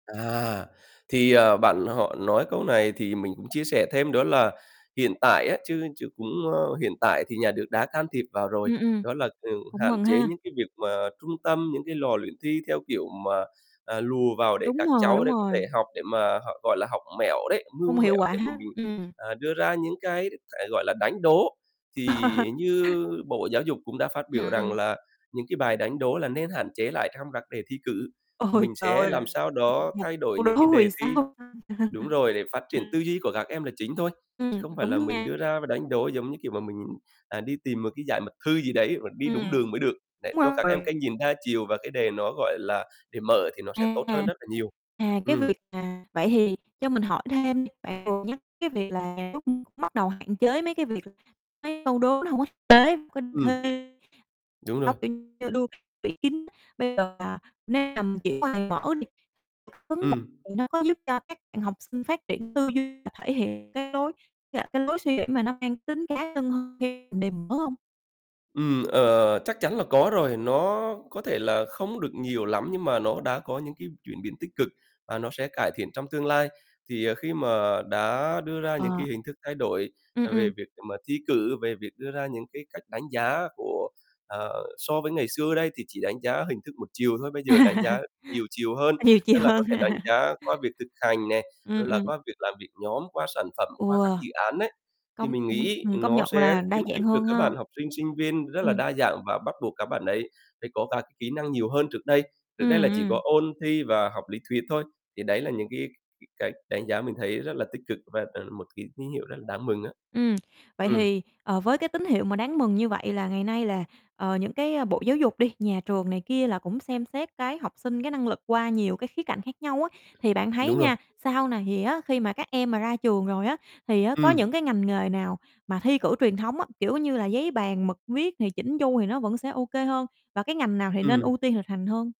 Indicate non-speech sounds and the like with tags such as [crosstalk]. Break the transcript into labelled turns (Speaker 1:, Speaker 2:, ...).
Speaker 1: À, thì, ờ, bạn họ nói câu này thì mình cũng chia sẻ thêm, đó là hiện tại á chứ chứ cũng ơ, hiện tại thì nhà nước đã can thiệp vào rồi.
Speaker 2: Ừm, ừm,
Speaker 1: Đó là ừ,
Speaker 2: cũng
Speaker 1: hạn
Speaker 2: mừng
Speaker 1: chế
Speaker 2: ha.
Speaker 1: những cái việc mà trung tâm, những cái lò luyện thi, theo kiểu mà, à, lùa vào để
Speaker 2: Đúng
Speaker 1: các
Speaker 2: rồi,
Speaker 1: cháu
Speaker 2: đúng
Speaker 1: để có thể
Speaker 2: rồi.
Speaker 1: học để mà họ, gọi là, học mẹo đấy, mưu
Speaker 2: Không hiệu
Speaker 1: mẹo
Speaker 2: quả,
Speaker 1: để mà mình,
Speaker 2: ừm.
Speaker 1: à, đưa ra những cái hiện tại, gọi là, đánh đố. Thì
Speaker 2: [laughs]
Speaker 1: như Bộ Giáo Dục cũng đã phát biểu rằng
Speaker 2: [unintelligible]
Speaker 1: là những cái bài đánh đố là nên hạn chế lại trong các đề thi cử,
Speaker 2: Ôi
Speaker 1: mình
Speaker 2: trời
Speaker 1: sẽ làm
Speaker 2: ơi,
Speaker 1: sao đó
Speaker 2: một
Speaker 1: thay đổi
Speaker 2: câu
Speaker 1: những cái
Speaker 2: đố vì
Speaker 1: đề thi
Speaker 2: sao
Speaker 1: đúng rồi, để
Speaker 2: [unintelligible]
Speaker 1: phát triển tư
Speaker 2: [laughs]
Speaker 1: duy của các em là chính thôi. Chứ
Speaker 2: Ừm,
Speaker 1: không phải
Speaker 2: đúng
Speaker 1: là mình
Speaker 2: nha.
Speaker 1: đưa ra và đánh đố, giống như kiểu, mà mình, à, đi tìm một cái giải mật thư gì đấy và đi đúng đường
Speaker 2: Ừm.
Speaker 1: mới được, để
Speaker 2: Đúng
Speaker 1: cho các em
Speaker 2: rồi.
Speaker 1: cái nhìn đa chiều và cái đề nó, gọi là, đề mở thì nó sẽ tốt hơn
Speaker 2: À,
Speaker 1: rất là nhiều.
Speaker 2: à, cái
Speaker 1: Ừm.
Speaker 2: việc à, vậy thì cho mình hỏi thêm đi, bạn vừa nhắc cái việc là lúc cũng bắt đầu hạn chế mấy cái việc mấy câu đố nó hông có thực tế
Speaker 1: Ừm. Đúng rồi.
Speaker 2: [unintelligible] bây giờ mà, nếu mà mình chuyển qua đề mở đi [unintelligible]
Speaker 1: Ừm.
Speaker 2: thì nó có giúp cho các bạn học sinh phát triển tư duy và thể hiện cái lối, à, cái lối suy nghĩ mà nó mang tính cá nhân hơn khi đề mở hông?
Speaker 1: Ừm, ờ, ờ, ờ, chắc chắn là có rồi, nó có thể là không được nhiều lắm, nhưng mà nó đã có những cái chuyển biến tích cực, và nó sẽ cải thiện trong tương lai. Thì, à, khi mà đã đưa ra những
Speaker 2: Ờ.
Speaker 1: cái hình thức thay đổi
Speaker 2: Ừm,
Speaker 1: là về
Speaker 2: ừm.
Speaker 1: việc [unintelligible] mà thi cử, về việc đưa ra những cái cách đánh giá của ờ, so với ngày xưa đây, thì chỉ đánh giá hình thức một chiều thôi, bây giờ đánh
Speaker 2: [laughs]
Speaker 1: giá nhiều chiều hơn.
Speaker 2: À, nhiều chì
Speaker 1: Tức là có
Speaker 2: hơn.
Speaker 1: thể đánh
Speaker 2: [laughs]
Speaker 1: giá qua việc thực hành nè,
Speaker 2: Ừm,
Speaker 1: rồi là
Speaker 2: ừm.
Speaker 1: qua việc làm việc nhóm, qua sản phẩm,
Speaker 2: Ừ.
Speaker 1: qua các dự án ấy, thì
Speaker 2: Công
Speaker 1: mình
Speaker 2: ừm,
Speaker 1: nghĩ
Speaker 2: ừm, công
Speaker 1: nó
Speaker 2: nhận
Speaker 1: sẽ
Speaker 2: là đa
Speaker 1: khuyến
Speaker 2: dạng
Speaker 1: khích được
Speaker 2: hơn
Speaker 1: các
Speaker 2: ha.
Speaker 1: bạn học sinh, sinh viên rất là
Speaker 2: Ừm.
Speaker 1: đa dạng, và bắt buộc các bạn ấy phải có các kỹ năng nhiều hơn trước đây, trước đây
Speaker 2: Ừm,
Speaker 1: là chỉ có
Speaker 2: ừm.
Speaker 1: ôn thi và học lý thuyết thôi. Thì đấy là những cái [unintelligible] cái đánh giá mình thấy rất là tích cực và đó là một cái tín hiệu rất là đáng mừng á.
Speaker 2: Ừm, vậy
Speaker 1: Ừm.
Speaker 2: thì, ờ, với cái tín hiệu mà đáng mừng như vậy là ngày nay là, ờ, những cái, ơ, Bộ Giáo Dục đi, nhà trường này kia là cũng xem xét cái học sinh, cái năng lực qua nhiều cái khía cạnh khác nhau á, thì bạn thấy
Speaker 1: Đúng rồi.
Speaker 2: nha, sau này thì á khi mà các em mà ra trường rồi á, thì á có những
Speaker 1: Ừm.
Speaker 2: cái ngành nghề nào mà thi cử truyền thống á, kiểu như là, giấy, bàn, mực, viết này, chỉn chu này, thì nó vẫn sẽ ô kê hơn, và cái ngành nào thì nên
Speaker 1: Ừm.
Speaker 2: ưu tiên thực hành hơn?